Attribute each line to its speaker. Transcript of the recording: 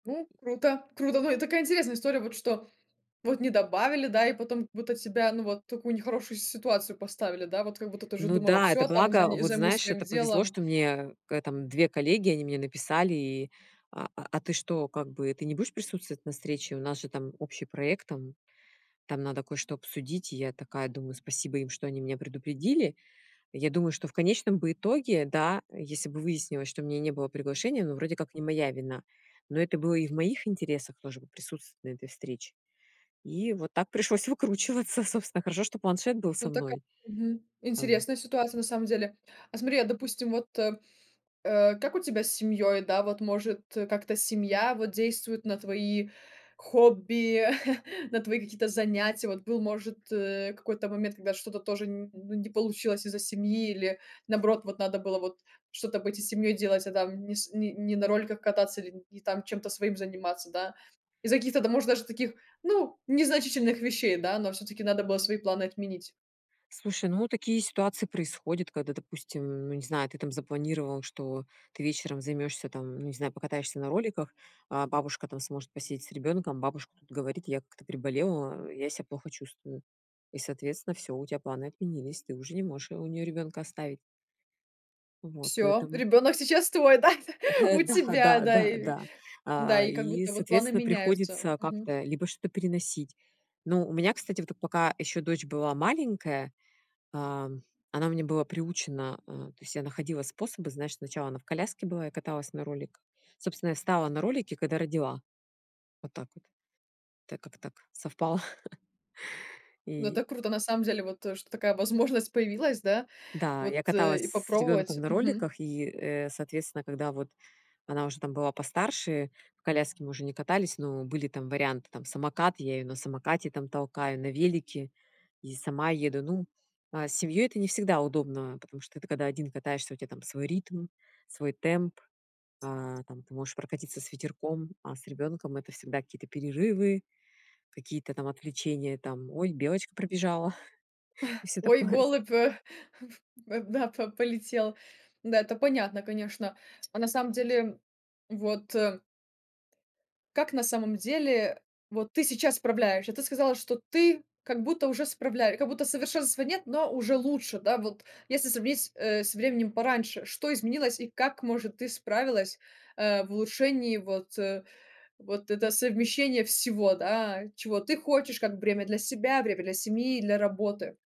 Speaker 1: Круто, круто, но это такая интересная история, вот что вот не добавили, да, и потом вот у тебя, ну, вот в такую нехорошую ситуацию поставили, да, вот как будто ты уже
Speaker 2: Ну
Speaker 1: думала,
Speaker 2: да, это
Speaker 1: всё, там
Speaker 2: благо,
Speaker 1: зани
Speaker 2: вот
Speaker 1: займусь
Speaker 2: знаешь,
Speaker 1: своим
Speaker 2: это повезло,
Speaker 1: делом.
Speaker 2: что мне когда-то там 2 коллеги, они мне написали и: "А а а ты что, как бы, ты не будешь присутствовать на встрече? У нас же там общий проект, там там надо кое-что обсудить". И я такая думаю, спасибо им, что они меня предупредили. Я думаю, что в конечном бы итоге да, если бы выяснилось, что у меня не было приглашения, но вроде как не моя вина. Но это было и в моих интересах тоже вот присутствовать на этой встрече. И вот так пришлось выкручиваться. Собственно, хорошо, что планшет был со
Speaker 1: Ну така
Speaker 2: мной.
Speaker 1: Мгм.
Speaker 2: Там
Speaker 1: Интересная ситуация на самом деле. А смотри, а допустим, вот э, э, как у тебя с семьей? Да, вот может, э, как-то семья вот действует на твои хобби, на твои какие-то занятия? Вот был, может, э, какой-то момент, когда что-то тоже н н ну не получилось из-за семьи или, наоборот, вот надо было вот что-то быть и с семьей делать, а там не с не не на роликах кататься или не там чем-то своим заниматься, да, из-за каких-то, да, может, даже таких, ну, незначительных вещей, да, но всё-таки надо было свои планы отменить.
Speaker 2: Слушай, ну, вот такие ситуации происходят, когда, допустим, ну, не знаю, ты там запланировал, что ты вечером займёшься там, ну, не знаю, покатаешься на роликах, а бабушка там сможет посидеть с ребёнком, бабушка тут говорит: "Я как-то приболела". А: "Я себя плохо чувствую". И, соответственно, всё, у тебя планы отменились, ты уже не можешь у неё ребёнка оставить. Вот,
Speaker 1: Всё,
Speaker 2: поэтому
Speaker 1: ребёнок сейчас твой, да,
Speaker 2: Э.
Speaker 1: у
Speaker 2: Да,
Speaker 1: тебя,
Speaker 2: да
Speaker 1: да
Speaker 2: да
Speaker 1: и
Speaker 2: да.
Speaker 1: да
Speaker 2: А,
Speaker 1: и как
Speaker 2: и,
Speaker 1: будто вот планы
Speaker 2: соответственно,
Speaker 1: меняются.
Speaker 2: приходится
Speaker 1: Мгм.
Speaker 2: как-то либо что-то переносить. Но у меня, кстати, вот эт пока еще дочь была маленькая, ам, она у меня была приучена а. То есть я находила способы. Знаешь, сначала она в коляске была, я каталась на роликах. Собственно, я встала на ролики, когда родила. Вот так вот. Это как-то так совпало.
Speaker 1: Ну,
Speaker 2: И
Speaker 1: это круто на самом деле, вот, э, что такая возможность появилась, да,
Speaker 2: Да,
Speaker 1: вот,
Speaker 2: я
Speaker 1: э,
Speaker 2: каталась
Speaker 1: и
Speaker 2: с
Speaker 1: попробовать.
Speaker 2: ребёнком на
Speaker 1: Мгм.
Speaker 2: роликах, и, э, соответственно, когда вот она уже там была постарше, в коляске мы уже не катались, но были там варианты, там, самокат- я ее на самокате там толкаю, на велике. И сама еду. Ну, а, с семьей это не всегда удобно, потому что ты когда один катаешся у тебя там свой ритм, свой темп, а там ты можешь прокатится с ветерком. А с ребенком это всегда какие-то перерывы, какие-то там отвлечения там: "Ой, белочка пробежала", и всё
Speaker 1: Ой,
Speaker 2: такое.
Speaker 1: голубь, э, да, по полетел. Да, это понятно, конечно. А на самом деле, вот, э Как на самом деле вот ты сейчас справляешься? Ты сказала, что ты как будто уже справля как будто совершенства нет, но уже лучше, да, вот если сравнить, э, со временем пораньше, что изменилось и как, может, ты справилась, а, в улучшении вот, э, вот это совмещение всего. Да, чего ты хочешь, как время для себя, время для семьи, для работы.